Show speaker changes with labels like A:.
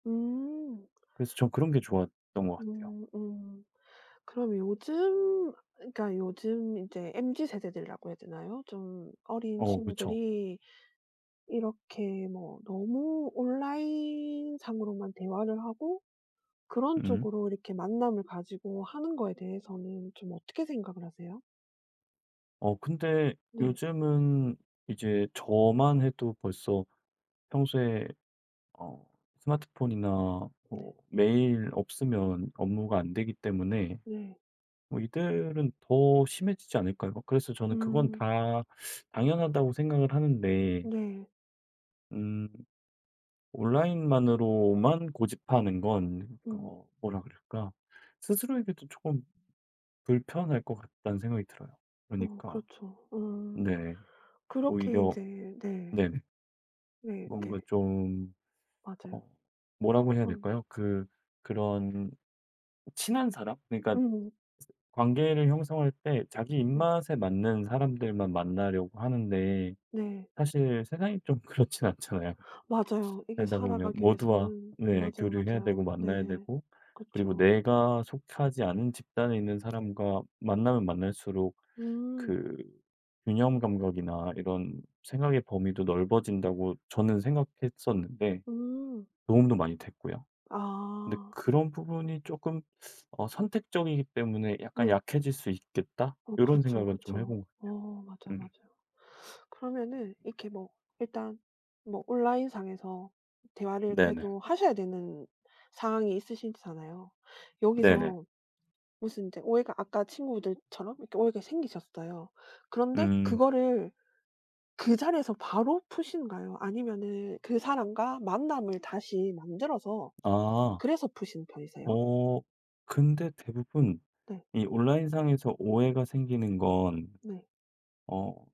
A: 음.
B: 그래서 저는 그런 게 좋았던 것 같아요.
A: 음 음. 그럼 요즘 그러니까 요즘 인제 MZ세대들이라고 해야 되나요? 좀 어린
B: 어 그쵸.
A: 친구들이 이렇게 뭐 너무 온라인상으로만 대화를 하고 그런
B: 음.
A: 쪽으로 이렇게 만남을 가지고 하는 거에 대해서는 좀 어떻게 생각을 하세요?
B: 어 근데
A: 네.
B: 요즘은 이제 저만 해도 벌써 평소에 어 스마트폰이나 뭐
A: 네.
B: 메일 없으면 업무가 안 되기 때문에
A: 네.
B: 뭐 이들은 더 심해지지 않을까요? 그래서 저는 그건
A: 음.
B: 다 당연하다고 생각을 하는데
A: 네.
B: 음 온라인만으로만 고집하는 건
A: 음.
B: 어 뭐라 그럴까 스스로에게도 쪼끔 불편할 것 같다는 생각이 들어요
A: 어
B: 그러니까.
A: 그렇죠. 어
B: 네
A: 그렇게
B: 오히려
A: 인제 네.
B: 네네.
A: 네.
B: 뭔가
A: 네.
B: 좀 어
A: 맞아요.
B: 뭐라고 해야
A: 어.
B: 될까요 그 그런 친한 사람? 그러니까
A: 음.
B: 관계를 형성할 때 자기
A: 네.
B: 입맛에 맞는 사람들만 만나려고 하는데
A: 네.
B: 사실 세상이 좀 그렇진 않잖아요.
A: 맞아요. 이게
B: 살다 보면
A: 살아가기
B: 모두와
A: 위해서는
B: 네
A: 맞아요,
B: 교류를 해야 되고
A: 맞아요.
B: 만나야
A: 네.
B: 되고 그리고
A: 그쵸.
B: 내가 속하지 않은 집단에 있는 사람과 만나면 만날수록
A: 음.
B: 그 균형 감각이나 이런 생각의 범위도 넓어진다고 저는 생각했었는데
A: 음.
B: 도움도 많이 됐고요. 근데
A: 아.
B: 그런 부분이 쪼끔 어 선택적이기 때문에 '약간
A: 네.
B: 약해질 수 있겠다.'
A: 어
B: 이런
A: 그렇죠,
B: 생각은 좀 해
A: 그렇죠.
B: 본 것
A: 어 맞아요,
B: 같아요. 음.
A: 맞아요. 그러면은 이렇게 뭐 일단 뭐 온라인상에서 대화를
B: 네네.
A: 그래도 하셔야 되는 상황이 있으시잖아요.
B: 네네.
A: 여기서 무슨 인제 오해가 아까 친구들처럼 이렇게 오해가 생기셨어요. 그런데
B: 음.
A: 그거를 그 자리에서 바로 푸시는가요 아니면은 그 사람과 만남을 다시 만들어서
B: 아.
A: 그래서 푸시는 편이세요?
B: 어 근데 대부분
A: 네.
B: 이 온라인상에서 오해가 생기는 건
A: 네.
B: 어